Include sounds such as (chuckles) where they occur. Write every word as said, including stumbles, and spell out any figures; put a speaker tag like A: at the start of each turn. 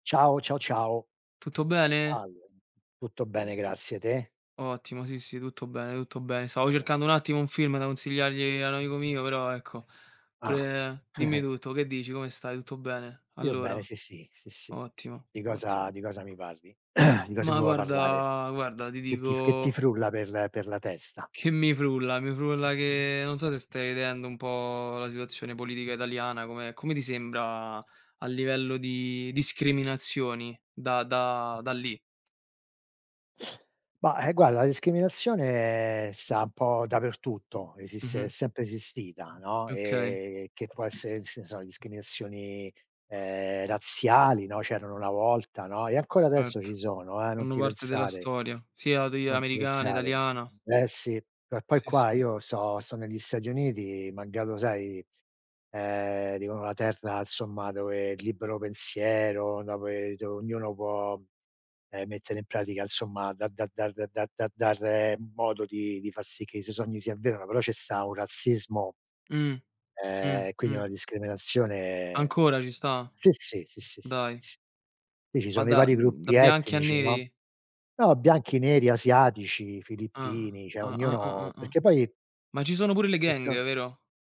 A: Ciao. Ciao, ciao.
B: Tutto bene?
A: Salve. Tutto bene, grazie! Te?
B: Ottimo, sì, sì, tutto bene, tutto bene. Stavo
A: Sono
B: cercando un
A: conten
B: attimo un film da consigliargli a un amico mio, però ecco,
A: Ah!
B: pure dimmi
A: (chuckles)
B: tutto. Che dici, come stai? Tutto bene?
A: Io bene
B: Allora.
A: sì, sì, sì, sì.
B: Ottimo,
A: Di
B: ottimo.
A: cosa di cosa mi parli? (clears throat) Di cosa mi
B: Ma
A: vuo parlare?
B: guarda guarda, ti
A: Che ti f che ti
B: dico
A: frulla per per la testa?
B: Che mi frulla mi frulla che non so se stai vedendo un po' la situazione politica italiana, come come ti sembra a livello di discriminazioni da da da lì?
A: Bah, ehm, guarda la discriminazione sta un po' dappertutto, esiste è
B: Mh-mh.
A: sempre esistita, no,
B: Okay.
A: ehm, che può esse ns so, discriminazioni, ehm, razziali, no. C'erano una volta, no. E ancora adesso
B: Erto,
A: ci sono, eh! Non
B: fanno
A: ti
B: parte della
A: pensare!
B: storia, sia degli
A: Non ti
B: americane,
A: pensare.
B: italiana
A: Eh sì! Eh poi
B: Sì,
A: qua
B: sì.
A: io sto sto negli Stati Uniti, malgrado sai, ehm, dicono la terra 'nzomma dove il libero pensiero dove do ognuno può, ehm, mettere in pratica 'nzomma da da dar da da dar modo di di far sì che i suoi sogni si avverano però ce sta un razzismo
B: Mh. Mh,
A: ehm, quindi
B: mh.
A: una discriminazione
B: Ancora ci sta?
A: sì, sì, sì, sì, sì, sì,
B: Dai!
A: sì. Qui ci
B: Ma
A: sono i
B: da
A: vari
B: mhmm, da
A: gruppi
B: bianchi a
A: etnici, no.
B: neri?
A: No, bianchi, neri, asiatici,
B: Ah!
A: filippini, ceh
B: Ah-ah, ah-ah,
A: ognuno
B: ah.
A: Perché poi
B: Ma ci sono pure le
A: e
B: gang
A: to
B: vero?